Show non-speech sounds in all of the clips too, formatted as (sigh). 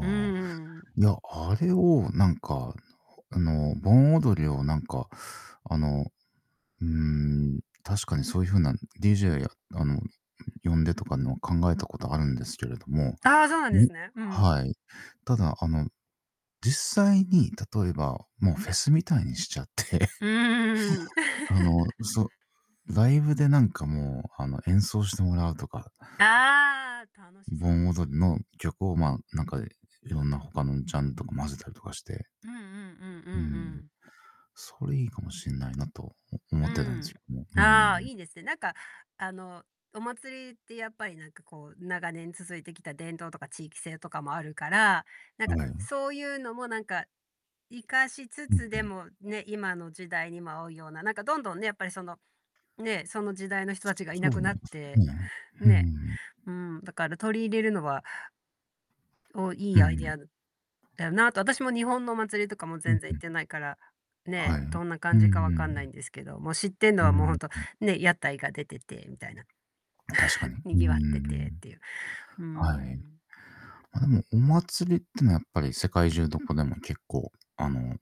うんうあ。んうん。いや、あれをなんか、あの盆踊りをなんかあの。うーん、確かにそういう風な DJ や、あの、呼んでとかの考えたことあるんですけれども、ああ、そうなんでもうすね、うん。はい。ただあの、実際に例えばもうフェスみたいにしちゃって。うーん。あのそ (laughs) う、ライブでなんかもうあの演奏してもらうとかああ、楽しそうで盆すね。踊りの曲をまあ、なんかいろんな他のジャンルとか混ぜたりとかして。うんうんうんううんうん。ん。それいいかもしんないなと、お思うってたんですん。よ。うああ、ん。いいですね。なんかあの、お祭りってやっぱりなんかこう、長年続いてきた伝統とか地域性とかもあるから、なんかはい。そういうのもなんか、生かしつうんつうでん。もね、今の時代にも合うような、なんか、どんどんね、やっぱりその、ね、その時代の人達がいそなうすくね、なって、うーね。ん。うん、だから取り入れるのはお、良ういアイディん。アだだよなと。私も日本のお祭りとかもうん全然う行っん。てないから、ね、はい。うんどんなう感じかんう分かんないん。んですけど、もう知ってんのうはもうほんんとう。ね、屋台が出ててみたいな。確かに。(chuckles) うー賑わってん、てっていう。うーはい。ん。まあ、でも、お祭りっていうのはやっぱり世界中どこでも結構、あの、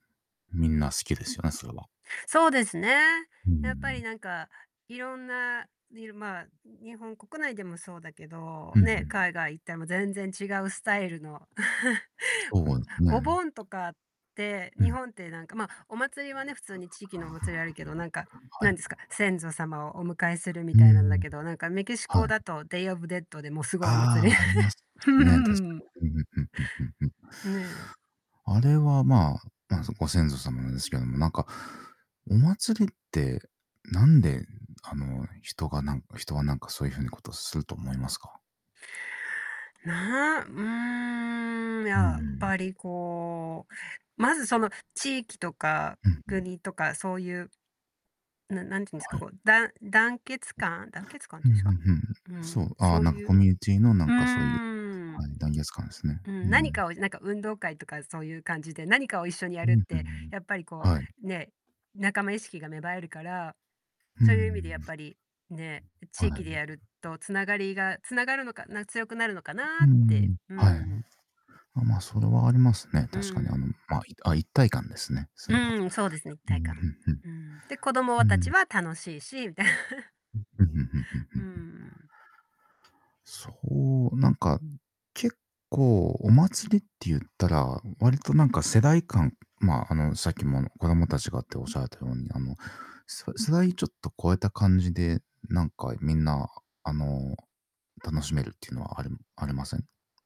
みんな好きですよね、それは。そうですね。うーやっぱりん。なんか色んなりるまあ、日本国内でもそうだけど、うんうね、ん。海外行っても全然違うスタイルの (chuckles) そうですあ、おね。盆とかって、う日ん。本ってなんかまあ、お祭りはね、普通に地域のお祭りあるけど、なんか、は何い。ですか、先祖様をお迎えするみうーたいなんだん。けど、なんかメキシはコだい。とデイオブデッドでもうすごいお祭あり。あ、あります (unintelligible) ね、確 (laughs) かに。うんうんうんうんうんうん。ね。あれは、まあ、ま、そのご先祖様なんですけども、なんかお祭りって、なんであの人が、なんか人は、なんか、そういう風なことをすると思いますか？な、うーん。うやっん。ぱりこう、まず、その地域とかうんうん。国とか、そういう。な何て言うんですはか、い。こう、だん団結感団結感っうん、て言ふうんんすふか、んふん。うそん、う、あそあ、うなんかいコう。ミュニティのなうんかそういう、んうん。はい、団結感ですね。うん、う何ん。かをなんか運動会とかそういう感じで、何かを一緒にやうるっん、ふてん。やっぱりこはい。うね、仲間意識が芽生えるから、うーそういう意味でやん。っぱり、ね、地は域でい。やると繋がりが繋がるのかな強くなるのかうなーって。ん、うはい。ん。まま、それはありますね、う確かに、あの、ん。ま、あ、一体感ですね、それは。うん、そうですね、一うん体う感。んうん。で、子供うん。う達ーん。は楽しいしみたいな。うん、うんうんうんうんうんううん。ん。そう、なんか、結構お祭りって言ったら、割となんか世代間、まあ、あの、さっきも子供達がっておっしゃられたように、あの、そ世代ちょっと超えた感じで、なんかみんなあの、楽しめるっていうのはありありません？